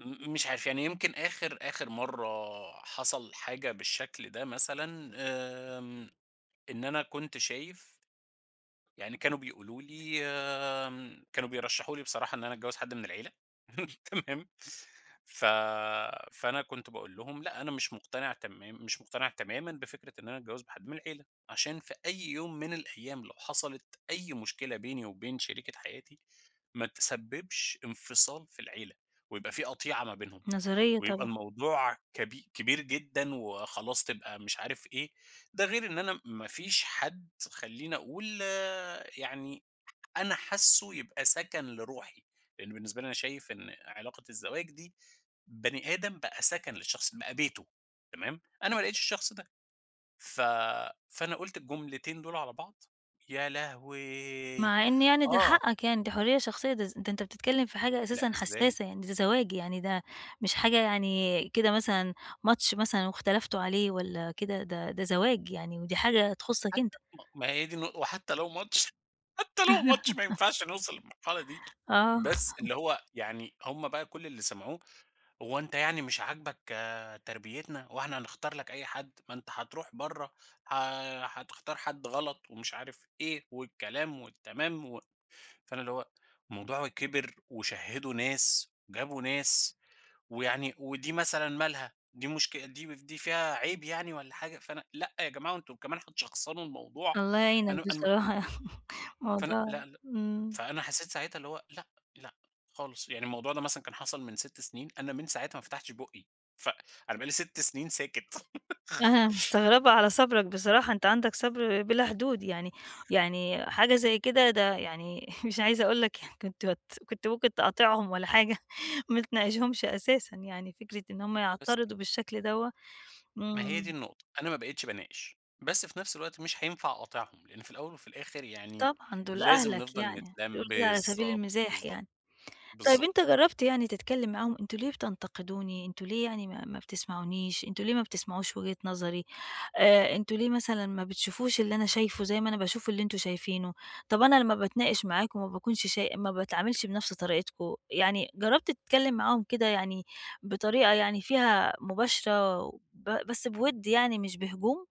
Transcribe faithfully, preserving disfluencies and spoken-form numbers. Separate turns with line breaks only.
م مش عارف يعني يمكن آخر آخر مرّة حصل حاجة بالشكل ده مثلًا، آمم، إن أنا كنت شايف يعني كانوا بيقولوا لي آمم، كانوا بيرشحوا لي بصراحة إن أنا اتجوّز حد من العيلة، تمام؟ ف فأنا كنت باقول لهم لأ أنا مش مقتنع تمام مش مقتنع تمامًا بفكرة إن أنا أتجوّز بحد من العيلة عشان في أي يوم من الأيام لو حصلت أي مشكلة بيني وبين شريكة حياتي، ما تسبّبش انفصال في العيلة، ويبقى في قطيعة ما بينهم
نظرية
ويبقى
طبعًا.
الموضوع كب كبير جدًا، وخلاص تبقى مش عارف إيه، ده غير إن أنا ما فيش حد خلّيني أقول يعني أنا حاسُّه يبقى سَكَن لروحي، لإن بالنسبة لي أنا شايف إن علاقة الزواج دي، بني آدم بقى سَكَن للشخص، بقى بيتُه تمام؟ أنا ما لقيتش الشخص ده، ف فأنا قُلت الجملتين دول على بعض، يا لهوي!
مع إن يعني دي
آه.
حقَّك يعني، دي حرية شخصية ده ز ده أنت بتتكلّم في حاجة
لأ،
أساسًا
ازاي؟
حسّاسة يعني ده زواج، يعني ده مش حاجة يعني كده مثلًا ماتش مثلًا واختلفتوا عليه، والَّا كده، ده ده زواج يعني، ودي حاجة
طَب
تخصَّك
حتى
أنت.
ما ما هي دي النق وحتى لو ماتش حتى لو ماتش ما ينفعش نوصل للمرحلة دي
آه.
بس اللي هو يعني هم بقى كُلّ اللي سمعوه، هو أنت يعني مش عاجبك تربيتنا، هو إحنا هنختار لك أي حد، ما أنت حتروح برّه ح حتختار حد غلَط، ومش عارف إيه والكلام والتمام و فأنا اللي هو الموضوع كِبِر، وشهِّدوا ناس، جابوا ناس، ويعني ودي مثلًا مالها؟ دي مُشك دي مف دي فيها عيب يعني والَّا حاجة، فأنا لأ يا جماعة وأنتم كمان هتشخصنوا الموضوع،
الله يعينك
أنا أنا ما اتكل
بصراحة يعني،
فأنا
موضوع
لأ لأ
إمم.
فأنا حسّيت ساعتها اللي هو لأ، لأ خالص يعني الموضوع ده مثلًا كان حصل من سِتّ سنين أنا من ساعتها ما فتحتش بُقّي فأ أنا بقى لي سِتّ سنين ساكت.
أنا مستغربة على صبرك بصراحة، أنت عندك صبر بلا حدود يعني، يعني حاجة زي كده ده يعني مش عايزة أقول لك يعني كنت بت كنت ممكن تقاطعهم والَّا حاجة، ما تناقشهُمش أساسًا يعني، فكرة إن هم
بس.
يعترضوا بالشكل دَوَّة،
ما هي دي
إمم.
النقطة، أنا ما بقيتش باناقش، بس في نفس الوقت مش حينفع أقاطعهم، لإن في الأول وفي الآخر يعني
طبعًا دول
لازم
أهلك
نفضل
يعني،
نتلَّم
بيقولوا كده على سبيل
بالضبط،
المِزاح
بالضبط،
يعني، طَب أنت
بالضبط.
جرّبت يعني تتكلّم معاهم أنتم ليه بتنتقدوني، أنتم ليه يعني ما ما بتسمعونيش، أنتم ليه ما بتسمعوش وجهة نظري، آآ أنتم ليه مثلًا ما بتشوفوش اللي أنا شايفُه زي ما أنا باشوف اللي أنتم شايفينُه، طَب أنا لمّا باتناقش معاكم ما باكونش شاي ما باتعاملش بنفس طريقتكم، يعني جرّبت تتكلِّم معاهم كده، يعني بطريقة يعني فيها مباشرة و ب بس بوِدّ يعني مش بهجوم؟